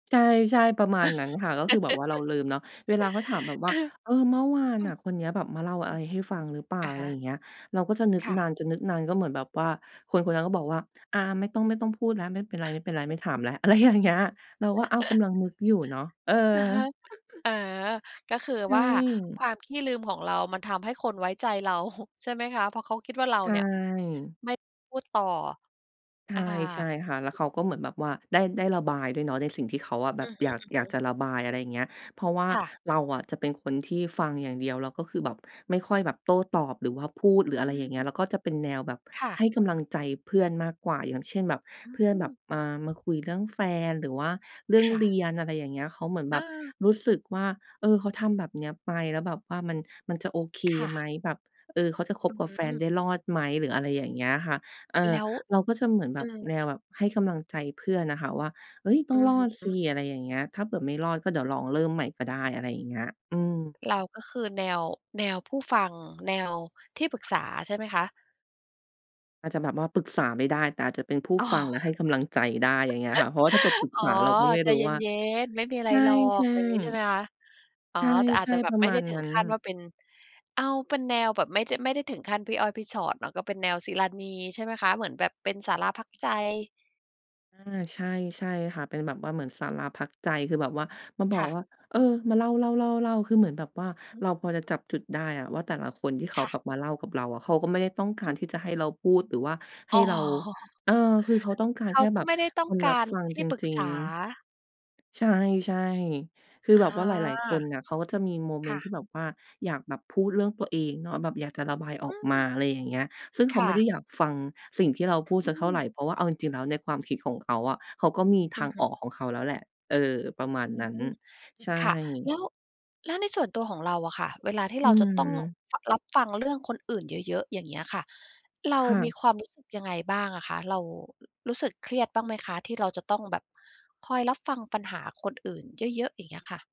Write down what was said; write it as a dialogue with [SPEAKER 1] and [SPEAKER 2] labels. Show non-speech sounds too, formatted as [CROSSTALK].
[SPEAKER 1] ใช่ ๆ ประมาณนั้นค่ะ ก็คือแบบว่าเราลืมเนาะ เวลาเขาถามแบ
[SPEAKER 2] [LAUGHS]
[SPEAKER 1] บว่า
[SPEAKER 2] อืม
[SPEAKER 1] "เออ เมื่อวาน
[SPEAKER 2] อื
[SPEAKER 1] อ
[SPEAKER 2] ม
[SPEAKER 1] ะ คนเนี้ยแบบมาเล่าอะไรให้ฟังหรือเปล่า?"
[SPEAKER 2] อะ
[SPEAKER 1] อะ
[SPEAKER 2] ฮ
[SPEAKER 1] ไรอย่
[SPEAKER 2] ะ
[SPEAKER 1] างเงี้ย เราก็จะนึก
[SPEAKER 2] ค่
[SPEAKER 1] น
[SPEAKER 2] ะ
[SPEAKER 1] านจน นึกนาน ก็เหมือนแบบว่าคนคนนั้นก็บอกว่า "อา ไม่ต้อง ไม่ต้องพูดแล้ว ไม่เป็นไร ๆ ไม่
[SPEAKER 2] [CHUCKLES]
[SPEAKER 1] ถามแล้ว" อะไรอย่างเงี้ย เราก็ "อ้าว ก
[SPEAKER 2] [LAUGHS]
[SPEAKER 1] ำลังนึกอยู่เนาะ" เออ
[SPEAKER 2] อะฮะ
[SPEAKER 1] [CHUCKLES]
[SPEAKER 2] อ๋อ ก็คือ
[SPEAKER 1] ใช
[SPEAKER 2] ว่าค
[SPEAKER 1] ่
[SPEAKER 2] วามขี้ลืมของเรา มันทำให้คนไว้ใจเรา [CHUCKLES] ใช่ไหมคะ? เพราะเขาคิดว่าเร
[SPEAKER 1] ใ
[SPEAKER 2] า
[SPEAKER 1] ช
[SPEAKER 2] เนี่ย
[SPEAKER 1] ่
[SPEAKER 2] ไม่พูดต่อ
[SPEAKER 1] ใ
[SPEAKER 2] อา
[SPEAKER 1] ช่ ๆ ค่ะ แล้วเขาก็เหมือนแบบว่าได้ ได้ระบายด้วยเนาะ ในสิ่งที่เขาอะแบ
[SPEAKER 2] อ
[SPEAKER 1] บ
[SPEAKER 2] ือฮ
[SPEAKER 1] อยาก อยาก
[SPEAKER 2] ึ ๆ
[SPEAKER 1] จะระบาย อะไรอย่างเงี้ย เพราะว่า
[SPEAKER 2] ค่ะ
[SPEAKER 1] เราอะจะเป็นคนที่ฟังอย่างเดียว แล้วก็คือแบบไม่ค่อยแบบโต้ตอบ หรือว่าพูด หรือ
[SPEAKER 2] อ
[SPEAKER 1] อะไรอย่างเงี้ย
[SPEAKER 2] ืม
[SPEAKER 1] แล้วก็จะเป็นแนวแบบ
[SPEAKER 2] ค่
[SPEAKER 1] ให
[SPEAKER 2] ะ
[SPEAKER 1] ้กำลังใจเพื่อนมากกว่า อย่างเช่น แบบ
[SPEAKER 2] อ
[SPEAKER 1] เพื่อนแบ
[SPEAKER 2] ืม
[SPEAKER 1] บ อ่า มาคุยเรื่องแฟน หรือว่าเรื่อ
[SPEAKER 2] ค
[SPEAKER 1] ง
[SPEAKER 2] ่
[SPEAKER 1] เรี
[SPEAKER 2] ะ
[SPEAKER 1] ยน อะไรอย่างเงี้ย เขาเหมือนแบบ
[SPEAKER 2] เออ
[SPEAKER 1] รู้สึกว่า เออ เขาทำแบบเนี้ยไป แล้วแบบว่ามัน มันจะโอเค
[SPEAKER 2] ค่
[SPEAKER 1] ไหม
[SPEAKER 2] ะ
[SPEAKER 1] แบบ เออ เขาจะค
[SPEAKER 2] อ
[SPEAKER 1] บ
[SPEAKER 2] ื้อ
[SPEAKER 1] กับ
[SPEAKER 2] ฮื
[SPEAKER 1] แฟนไ
[SPEAKER 2] อ
[SPEAKER 1] ด้รอดไหม? หรืออะไรอย่างเงี้ยค่ะ เออ
[SPEAKER 2] แล้ว
[SPEAKER 1] เราก็จะเหมือนแ
[SPEAKER 2] เ
[SPEAKER 1] บ
[SPEAKER 2] ออ
[SPEAKER 1] บแนวแบบให้กำลังใจเพื่อนอะค่ะว่า "เฮ้ย ต้
[SPEAKER 2] อ
[SPEAKER 1] อ
[SPEAKER 2] ื
[SPEAKER 1] ง
[SPEAKER 2] อ
[SPEAKER 1] รอ
[SPEAKER 2] ฮ
[SPEAKER 1] ดสิ"
[SPEAKER 2] ึ
[SPEAKER 1] อะไรอย่างเงี้ย "ถ้าเผื่อไม่รอด ก็เดี๋ยวลองเริ่มใหม่ก็ได้" อะไรอย่างเงี้ย อืม
[SPEAKER 2] เราก็คือแนว แนวผู้ฟัง แนวที่ปรึกษาใช่ไหมคะ?
[SPEAKER 1] อาจจะแบบว่าปรึกษาไม่ได้ แต่อาจจะเป็นผู้
[SPEAKER 2] อ๋อ
[SPEAKER 1] ฟัง และให้กำลังใจได้ อย่างเงี้ยค่ะ เพราะว่าถ้าเผื่อปร
[SPEAKER 2] [CHUCKLES]
[SPEAKER 1] ึก
[SPEAKER 2] อ๋
[SPEAKER 1] ษ
[SPEAKER 2] อ
[SPEAKER 1] าเราก็ไม่
[SPEAKER 2] ใจ
[SPEAKER 1] รู้
[SPEAKER 2] เ
[SPEAKER 1] ว่า
[SPEAKER 2] ย็น ๆ ไม่มีอะไ
[SPEAKER 1] ใ
[SPEAKER 2] ร
[SPEAKER 1] ช่
[SPEAKER 2] หรอก อะไรงี้ ใช่ไหมค
[SPEAKER 1] ๆ
[SPEAKER 2] ะ? อ๋อ
[SPEAKER 1] ใ
[SPEAKER 2] แต่ อา
[SPEAKER 1] ช
[SPEAKER 2] จ
[SPEAKER 1] ่
[SPEAKER 2] จะแบ
[SPEAKER 1] ๆ ป
[SPEAKER 2] บ
[SPEAKER 1] ระ
[SPEAKER 2] ไม่
[SPEAKER 1] ม
[SPEAKER 2] ไ
[SPEAKER 1] า
[SPEAKER 2] ด้
[SPEAKER 1] ณ
[SPEAKER 2] ถึ
[SPEAKER 1] น
[SPEAKER 2] ง
[SPEAKER 1] ั้น
[SPEAKER 2] ขั้นว่าเป็น เอาเป็นแนวแบบไม่ได้ ไม่ได้ถึงขั้นพี่อ้อยพี่ฉอดเนาะ ก็เป็นแนวศิราณีใช่ไหมคะ? เหมือนแบบเป็นศาลาพักใจ
[SPEAKER 1] อา ใช่ ใช่ค่ะ เป็นแบบว่าเหมือนศาลาพักใจ คือแบบว่ามาบ
[SPEAKER 2] ค
[SPEAKER 1] อก
[SPEAKER 2] ่ะ
[SPEAKER 1] ว่า เออ มาเล่า ๆ ๆ ๆ คือเหมือนแบบว่า
[SPEAKER 2] หือ
[SPEAKER 1] เราพอจะจับจุดได้อะว่า แต่ละคนที่เขา
[SPEAKER 2] ค่ะ
[SPEAKER 1] แบบมาเล่ากับเราอะ เขาก็ไม่ได้ต้องกา
[SPEAKER 2] อ
[SPEAKER 1] ร
[SPEAKER 2] ืม
[SPEAKER 1] ที่จะให้เราพูด หรือว่าให
[SPEAKER 2] อ
[SPEAKER 1] ้
[SPEAKER 2] ๋
[SPEAKER 1] เรา
[SPEAKER 2] อ
[SPEAKER 1] เออ คือเขาต้องการ
[SPEAKER 2] เข
[SPEAKER 1] แ
[SPEAKER 2] า
[SPEAKER 1] ค่
[SPEAKER 2] ก
[SPEAKER 1] แ
[SPEAKER 2] ็
[SPEAKER 1] บบ
[SPEAKER 2] ไม่ได้ต้
[SPEAKER 1] ค
[SPEAKER 2] อง
[SPEAKER 1] น
[SPEAKER 2] ก
[SPEAKER 1] รับ
[SPEAKER 2] าร
[SPEAKER 1] ฟัง
[SPEAKER 2] ที
[SPEAKER 1] จ
[SPEAKER 2] ่ปรึก
[SPEAKER 1] ริ
[SPEAKER 2] ษ
[SPEAKER 1] ง
[SPEAKER 2] า
[SPEAKER 1] ๆ ใช่ ๆ คือ
[SPEAKER 2] อ
[SPEAKER 1] แ
[SPEAKER 2] า
[SPEAKER 1] บบว่าหลาย ๆ คนอะ เขาก็จะมีโมเ
[SPEAKER 2] ค
[SPEAKER 1] มน
[SPEAKER 2] ่
[SPEAKER 1] ต์ที่
[SPEAKER 2] ะ
[SPEAKER 1] แบบว่าอยากแบบพูดเรื่องตัวเองเนาะ แบบอยากจะระบายอ
[SPEAKER 2] อ
[SPEAKER 1] อ
[SPEAKER 2] ื
[SPEAKER 1] กมา
[SPEAKER 2] ม
[SPEAKER 1] อะไรอย่างเงี้ย ซึ่งเข
[SPEAKER 2] ค
[SPEAKER 1] า
[SPEAKER 2] ่
[SPEAKER 1] ไม่ได้
[SPEAKER 2] ะ
[SPEAKER 1] อยากฟังสิ่งที่เราพูด
[SPEAKER 2] อื
[SPEAKER 1] สักเท่าไร
[SPEAKER 2] ม
[SPEAKER 1] เพราะว่าเอาจริง ๆ แล้วในความคิดของเขาอะ เขาก็มี
[SPEAKER 2] อ
[SPEAKER 1] ท
[SPEAKER 2] ื
[SPEAKER 1] า
[SPEAKER 2] อ
[SPEAKER 1] ง
[SPEAKER 2] ฮ
[SPEAKER 1] ออ
[SPEAKER 2] ึ
[SPEAKER 1] กของเขาแล้วแหละ เออ ประมา
[SPEAKER 2] อ
[SPEAKER 1] ณ
[SPEAKER 2] ื
[SPEAKER 1] นั้น
[SPEAKER 2] ม
[SPEAKER 1] ใช่
[SPEAKER 2] ค่ะ แล้ว แล้วในส่วนตัวของเราอะค่ะ เวลาที่
[SPEAKER 1] อื
[SPEAKER 2] เราจะต้อง
[SPEAKER 1] ม
[SPEAKER 2] ฟ รับฟังเรื่องคนอื่นเยอะ ๆ อย่างเงี้ยค่ะ เร
[SPEAKER 1] ค
[SPEAKER 2] า
[SPEAKER 1] ่
[SPEAKER 2] มี
[SPEAKER 1] ะ
[SPEAKER 2] ความรู้สึกยังไงบ้างอะคะ? เรารู้สึกเครียดบ้างไหมคะ ที่เราจะต้องแบบคอยรับฟังปัญหาคนอื่นเยอะ ๆ อย่างเงี้ยค่ะ?